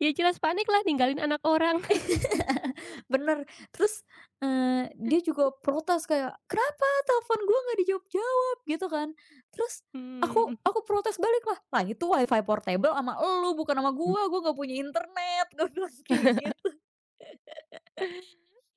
Ya, jelas paniklah, ninggalin anak orang. Bener, terus, eee, dia juga protes, kayak, "Kenapa telfon gue nggak dijawab-jawab?" Gitu kan. Terus aku Hmm. Mhm. aku protes baliklah, "Lah, itu WiFi portable sama elu, bukan sama gue, gue nggak punya internet", gue bilang kayak gitu.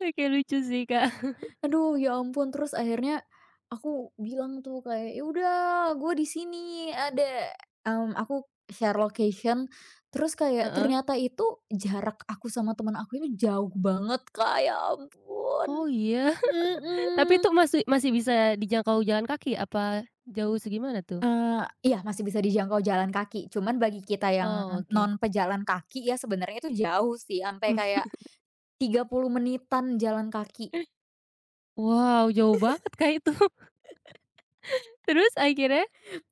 Oke, lucu sih, Kak. Aduh, ya ampun. Terus akhirnya, aku bilang tuh kayak, "Ya, udah, gue disini ada," mmm, aku share location, terus kayak Heeh. ternyata itu jarak aku sama temen aku ini jauh banget, Kak, ya ampun. Oh, ya. Tapi Mhm. tuh masih masih bisa dijangkau jalan kaki apa jauh segimana, tuh? Eee, iya masih bisa dijangkau jalan kaki, cuman bagi kita yang Oh, oke. non pejalan kaki ya, sebenarnya itu jauh sih sampai kayak, 30 menitan jalan kaki. Wow, jauh banget, Kak, itu. Terus akhirnya?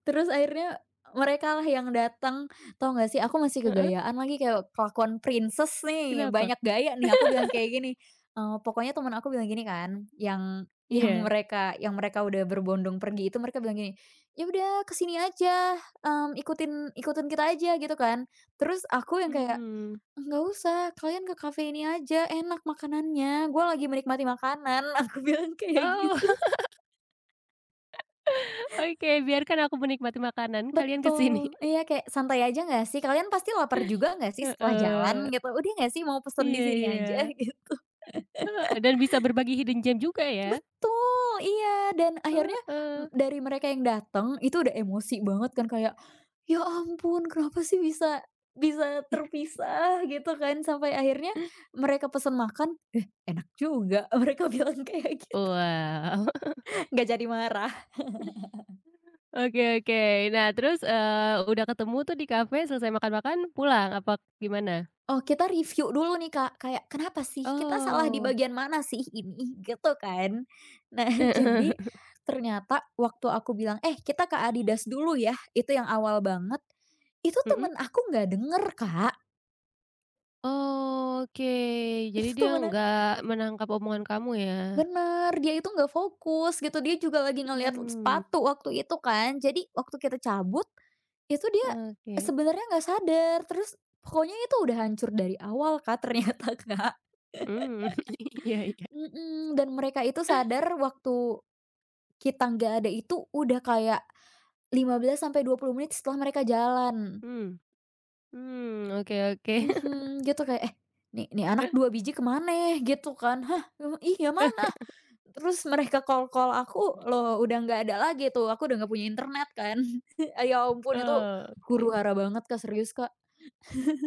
Terus akhirnya merekalah yang dateng. Tau nggak sih, aku masih Heeh. gegayaan lagi, kayak kelakuan princess nih, Kenapa? banyak gaya nih, aku bilang kayak gini, eee, pokoknya temen aku bilang gini kan, yang yang Iya. mereka yang mereka udah berbondong pergi itu, mereka bilang gini, "Ya, udah ke sini aja, mmm, ikutin ikutin kita aja." gitu kan. Terus aku yang kayak, Mmm. "Nggak usah, kalian ke kafe ini aja, enak makanannya, gue lagi menikmati makanan", Aku bilang kayak Oh. gitu. Oke, biarkan aku menikmati makanan, kalian ke sini. Betul. Iya, kayak santai aja nggak, sih. Kalian pasti laper juga nggak sih, setelah jalan Heeh. gitu, udah nggak sih, mau pesen Iya disini aja, iya. gitu. Dan bisa berbagi hidden gem juga ya. Betul, iya, dan akhirnya m Heeh. dari mereka yang dateng itu udah emosi banget kan kayak, "Ya, ampun kenapa sih bisa bisa terpisah", gitu kan sampai akhirnya mereka pesen makan, eh, "Enak juga", mereka bilang kayak gitu. Wah. Nggak jadi marah. Oke oke. Nah, terus, eee, udah ketemu tuh di kafe, selesai makan-makan pulang, apa gimana? Oh, kita reviu dulu nih, Kak, kayak, "Kenapa sih? Kita salah di Oh. bagian mana sih ini?", gitu kan. Nah, Heeh. jadi, ternyata waktu aku bilang, "Eh, kita ke Adidas dulu, ya", itu yang awal banget. Itu Mhm. temen aku nggak denger, Kak. Oke, jadi Itu tuh dia mana nggak menangkap omongan kamu ya. Bener, dia itu nggak fokus gitu, dia juga lagi ngelihat Mmm. sepatu waktu itu kan. Jadi waktu kita cabut, itu dia Oke. sebenarnya nggak sadar, terus pokoknya itu udah hancur dari awal, Kak, ternyata, Kak. Mmm, iya iya. Mmm, dan mereka itu sadar waktu kita nggak ada itu udah kayak 15-20 menit setelah mereka jalan. Mmm. Mmm, oke oke. Mhm, gitu kayak, "Eh, nih nih anak Eh. 2 biji kemana?" gitu kan. "Hah? Iya mana?" Terus mereka call-call aku, loh, udah nggak ada lagi tuh, aku udah nggak punya internet kan. Ya ampun itu Ah, oke. huru-hara banget, Kak, serius, Kak.